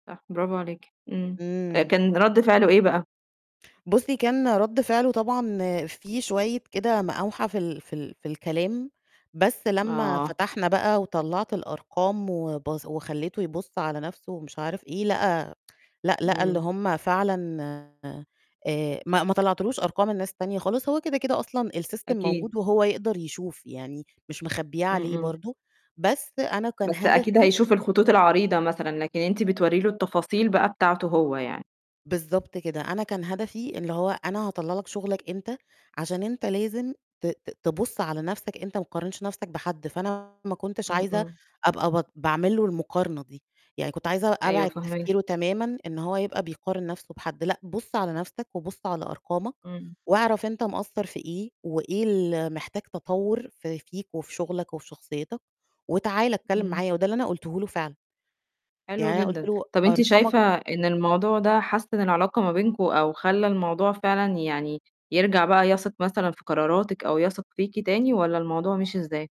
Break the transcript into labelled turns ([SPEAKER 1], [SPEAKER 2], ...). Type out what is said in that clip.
[SPEAKER 1] صح، برافو عليكِ، إمم.
[SPEAKER 2] إمم.
[SPEAKER 1] كان رَد فعله إيه بقى؟
[SPEAKER 2] بُصّي، كان رَد فعله طبعًا فيه شوية كده مقاوحة في ال في ال في الكلام، بس لمّا
[SPEAKER 1] آه.
[SPEAKER 2] فتحنا بقى وطلَّعت الأرقام وبص وخلّيته يبُص على نَفْسه ومش عارف إيه، لقى لأ، لقى اللي
[SPEAKER 1] إمم.
[SPEAKER 2] هم فعلًا آآ، ما ما طلّعتلوش أرقام الناس التانية خالص، هو كده، كده أصلًا السيستم
[SPEAKER 1] أكيد.
[SPEAKER 2] موجود وهو يقدر يشوف يعني مش مخبّياه
[SPEAKER 1] إمم،
[SPEAKER 2] عليه
[SPEAKER 1] إمم.
[SPEAKER 2] برضه، بس أنا كان
[SPEAKER 1] بس أكيد
[SPEAKER 2] هدفي
[SPEAKER 1] هيشوف الخطوط العريضة مثلًا، لكن أنتِ بتورّي له التفاصيل بقى بتاعته هو يعني.
[SPEAKER 2] بالضبط كده، أنا كان هدفي إن هو أنا هطلّع لك شُغلك أنت عشان أنت لازم ت ت تبُص على نَفْسك أنت متقارنش نَفْسك بحد، فأنا ما كنتش
[SPEAKER 1] إمم،
[SPEAKER 2] عايزة
[SPEAKER 1] إمم.
[SPEAKER 2] أبقى بط باعمل له المقارنة دي، يعني كنت عايزة
[SPEAKER 1] أيوه
[SPEAKER 2] أبعد
[SPEAKER 1] فاهماكِ.
[SPEAKER 2] تفكيره تمامًا إن هو يبقى بيقارن نَفْسه بحد، لأ بُص على نَفْسك وبُص على أرقامك
[SPEAKER 1] إمم.
[SPEAKER 2] وأعرف أنت مقصّر في إيه وإيه اللي محتاج تطوّر ف فيك وفي شُغلك وفي شخصيتك وتعال اتكلِّم
[SPEAKER 1] إمم.
[SPEAKER 2] معايا، وده اللي أنا قلته له فعلًا.
[SPEAKER 1] حلو
[SPEAKER 2] يعني أنا قُلت
[SPEAKER 1] جدًا.
[SPEAKER 2] له:
[SPEAKER 1] طَب أنتِ
[SPEAKER 2] "أرقامك"
[SPEAKER 1] شايفة إن الموضوع ده حسِّن العلاقة ما بينكم أو خلّى الموضوع فعلًا يعني يرجع بقى يثق مثلًا في قراراتِك أو يثق فيكِ تاني والّا الموضوع مِشِي إزاي؟